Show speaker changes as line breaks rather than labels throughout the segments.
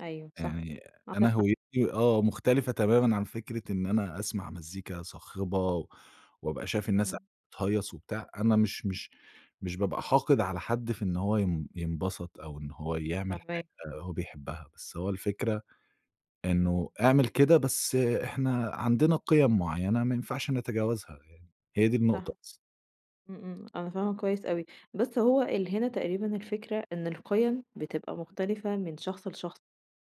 أيوه صح،
يعني أنا
عندك حق.
هويتي آه مختلفة تمامًا عن فكرة إن أنا أسمع مزيكا صاخبة وابقى شايف الناس
إمم.
قاعدة بتهيَّص وبتاع، أنا مش مش مش بابقى حاقد على حد في إن هو ين ينبسط أو إن هو يعمل
فاهماك.
حاجة هو بيحبها، بس هو الفكرة إنه اعمل كده بس إحنا عندنا قِيَم معيّنة ما ينفعش نتجاوزها يعني. هي دي النقطة
صح.
بس.
إمم إمم، أنا فاهمة كويس أوي. بس هو اللي هنا تقريبًا الفكرة إن القيم بتبقى مختلفة من شخص لشخص،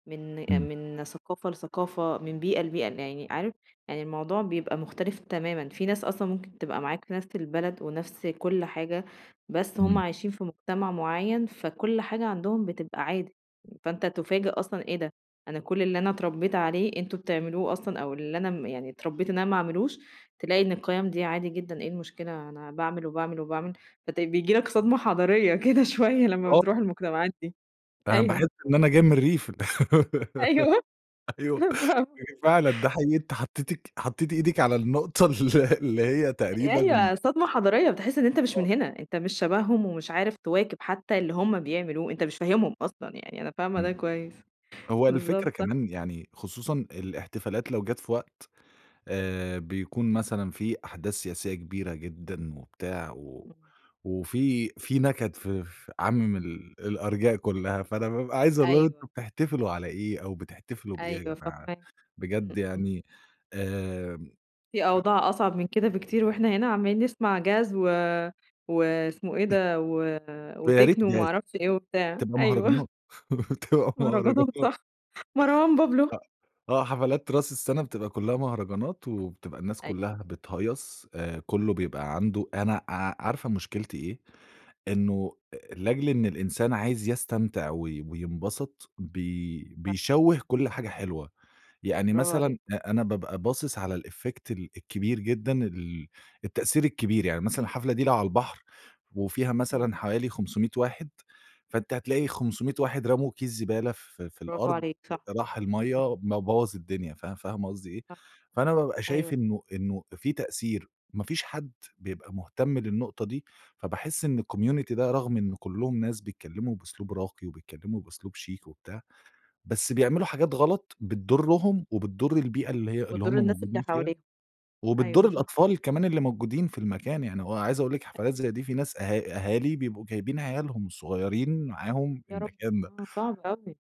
من
إمم.
من ثقافة لثقافة، من بيئة لبيئة، يعني عارف يعني الموضوع بيبقى مختلف تمامًا، فيه ناس أصلًا ممكن تبقى معاك في نَفْس البلد ونَفْس كُلّ حاجة بس هُم
إمم.
عايشين في مجتمع معيّن، فكُلّ حاجة عندهم بتبقى عادي، فأنت تُفاجأ أصلًا إيه ده أنا كُلّ اللي أنا اتربيت عليه أنتم بتعملوه أصلًا، أو اللي أنا م يعني اتربيت إن أنا ما أعملوش، تلاقي إن القيم دي عادي جدًا، إيه المشكلة أنا باعمل وباعمل وباعمل، فت بييجي لك صدمة حضارية كده شوية لمّا
آه.
بترُوح المجتمعات دي،
أنا
أيوه.
باحس إن أنا جاي من الريف.
أيوه،
أيوه
آه.
هي فعلًا ده حقيقي، أنتِ حطيتك حطيتي إيدِك على النقطة ال اللي هي
أ
تقريبًا
أيوه صدمة حضارية، بتحس إن أنت مش من
آه.
هنا، أنت مش شبههم ومش عارف تواكب حتى اللي هُم بيعملوه، أنت مش فاهمهم أصلًا يعني أنا فاهمة ده
إمم.
كويس،
هو الفكرة
بالضبط صح.
كمان يعني خصوصًا الاحتفالات لو جات في وقت آآ، بيكون مثلًا فيه أحداث سياسية كبيرة جدًا وبتاع، و
إمم.
وفيه فيه نكد ف ف عامم ال الأرجاء كلّها، فأنا بابقى عايز أقول لهم
أيوه.
أنتم بتحتفلوا على إيه أو بتحتفلوا بإيه يا
أيوه
جماعة
فاهماك، إمم
بجد
إمم.
يعني، آمم،
فيه
أ
أوضاع أصعب من كده بكتير، وإحنا هنا عمالين نسمع Jazz و واسمه إيه ده، و
ويا
وtechno
ريت
وما
jazz
أعرفش إيه وبتاع.
بتبقى
أيوه.
مهرجانات، بتبقى
مهرجانات
مهرجانات.
صح، مروان بابلو.
أ آه حفلات راس السنة بتبقى كلّها مهرجانات وبتبقى الناس
أيوه.
كلّها بتهيَّص، آآ، كلّه بيبقى عنده أنا ع عارفة مشكلتي إيه، إنه لأجل إن الإنسان عايز يستمتع وي وينبسط بي
صح.
بيشوِّه كُلّ حاجة حلوة، يعني
برافو عليك.
مثلًا أ أنا بابقى باصص على الeffect ال الكبير جدًا ال التأثير الكبير، يعني مثلًا الحفلة دي لو على البحر وفيها
إمم.
مثلًا حوالي 500 واحد، فأنتِ هتلاقي 500 واحد رموا كيس زبالة في في
برافو
الأرض
عليك صح،
راح المَيَّة
إمم.
ب بوَّظ الدنيا، فا فاهمة قصدي إيه،
صح،
فأنا بابقى شايف
أيوه.
إنه إنه فيه تأثير، ما فيش حد بيبقى مهتم للنقطة دي فباحس إن الcommunity ده رغم إن كلهم ناس بيتكلموا بأسلوب راقي وبيتكلموا بأسلوب شيك وبتاع، بس بيعملوا حاجات غلط بتضرهم وبتضر البيئة اللي هي اللي هُم
بتضر الناس اللي
موجودين فيها،
حواليهم،
وبتضر
أيوه صح.
الأطفال كمان اللي موجودين في المكان، يعني وعايز أقول لِك حفلات زي
أكيد.
دي فيه ناس أه أهالي بيبقوا جايبين عيالهم الصغيرين معاهم في
يا ربي!
المكان ده.
آه صعب أوي.